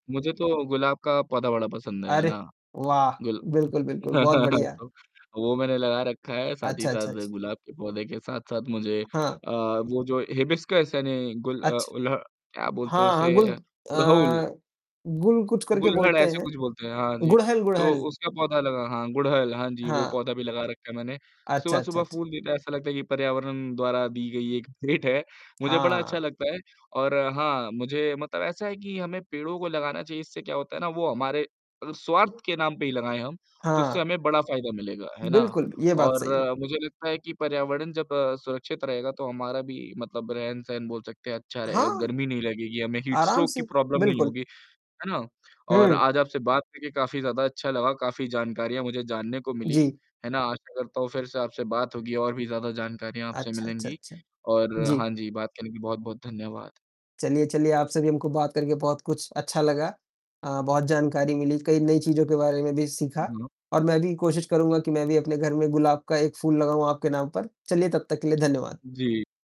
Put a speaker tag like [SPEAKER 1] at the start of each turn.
[SPEAKER 1] मुझे तो गुलाब का पौधा बड़ा पसंद, है
[SPEAKER 2] अरे
[SPEAKER 1] ना।
[SPEAKER 2] वाह!
[SPEAKER 1] गुल
[SPEAKER 2] बिल्कुल, बिल्कुल बहुत बढ़िया।
[SPEAKER 1] तो वो मैंने लगा रखा है, साथ ही
[SPEAKER 2] अच्छा, अच्छा,
[SPEAKER 1] साथ
[SPEAKER 2] अच्छ
[SPEAKER 1] गुलाब के पौधे के साथ-साथ मुझे
[SPEAKER 2] हाँ।
[SPEAKER 1] अ, वो जो हिबिस्कस यानी गुल अ,
[SPEAKER 2] अच्छ
[SPEAKER 1] उलह क्या बोलते हैं
[SPEAKER 2] हाँ, हाँ,
[SPEAKER 1] उसे?
[SPEAKER 2] गुल अ,
[SPEAKER 1] गुड़हल।
[SPEAKER 2] गुल कुछ करके
[SPEAKER 1] गुल्लहड़
[SPEAKER 2] बोलते
[SPEAKER 1] ऐसा
[SPEAKER 2] हैं।
[SPEAKER 1] कुछ बोलते हैं, हाँ जी,
[SPEAKER 2] गुड़हल,
[SPEAKER 1] तो
[SPEAKER 2] गुड़हल।
[SPEAKER 1] उसका पौधा लगा हाँ गुड़हल हाँ जी, वो
[SPEAKER 2] हाँ।
[SPEAKER 1] पौधा भी लगा रखा है मैंने।
[SPEAKER 2] अच्छा, अच्छा,
[SPEAKER 1] सुबह-सुबह
[SPEAKER 2] अच्छा।
[SPEAKER 1] फूल देता ऐसा लगता है कि पर्यावरण द्वारा दी गई एक भेंट है, मुझे बड़ा अच्छा
[SPEAKER 2] हाँ।
[SPEAKER 1] लगता है। और हाँ मुझे मतलब ऐसा है कि हमें पेड़ों को लगाना चाहिए। इससे क्या होता है ना वो हमारे अ, स्वार्थ के नाम पे ही लगाएँ हम तो उससे
[SPEAKER 2] हाँ।
[SPEAKER 1] हमें बड़ा फ़ायदा मिलेगा। है ना?
[SPEAKER 2] बिल्कुल, ये बात
[SPEAKER 1] और
[SPEAKER 2] सही है।
[SPEAKER 1] मुझे लगता है कि पर्यावरण जब सुरक्षित रहेगा तो हमारा भी मतलब रहन-सहन बोल सकते हैं अच्छा रहेगा,
[SPEAKER 2] हाँ,
[SPEAKER 1] गर्मी नहीं लगेगी, हमें हीट
[SPEAKER 2] आराम
[SPEAKER 1] स्ट्रोक की
[SPEAKER 2] से
[SPEAKER 1] प्रॉब्लम नहीं
[SPEAKER 2] बिल्कुल।
[SPEAKER 1] होगी। है ना? और
[SPEAKER 2] हुँ।
[SPEAKER 1] आज आपसे बात करके काफ़ी ज़्यादा अच्छा लगा, काफ़ी जानकारियाँ मुझे जानने को मिली।
[SPEAKER 2] जी।
[SPEAKER 1] है ना? आशा करता हूँ फ़िर से आपसे बात होगी और भी ज़्यादा जानकारियाँ आपसे
[SPEAKER 2] अच्छा, अच्छा,
[SPEAKER 1] मिलेंगी।
[SPEAKER 2] अच्छा।
[SPEAKER 1] और
[SPEAKER 2] जी।
[SPEAKER 1] हाँ जी, बात करने की बहुत-बहुत धन्यवाद।
[SPEAKER 2] चलिए, चलिए आप से भी हमको बात करके बहुत कुछ अच्छा लगा, अ, बहुत जानकारी मिली, कई नई चीज़ों के बारे में भी
[SPEAKER 1] हाँ,
[SPEAKER 2] सीखा।
[SPEAKER 1] हाँ।
[SPEAKER 2] और मैं भी कोशिश करूँगा कि मैं भी अपने घर में गुलाब का एक फूल लगाऊँ आपके नाम पर। चलिए, तब तक के लिए धन्यवाद।
[SPEAKER 1] जी।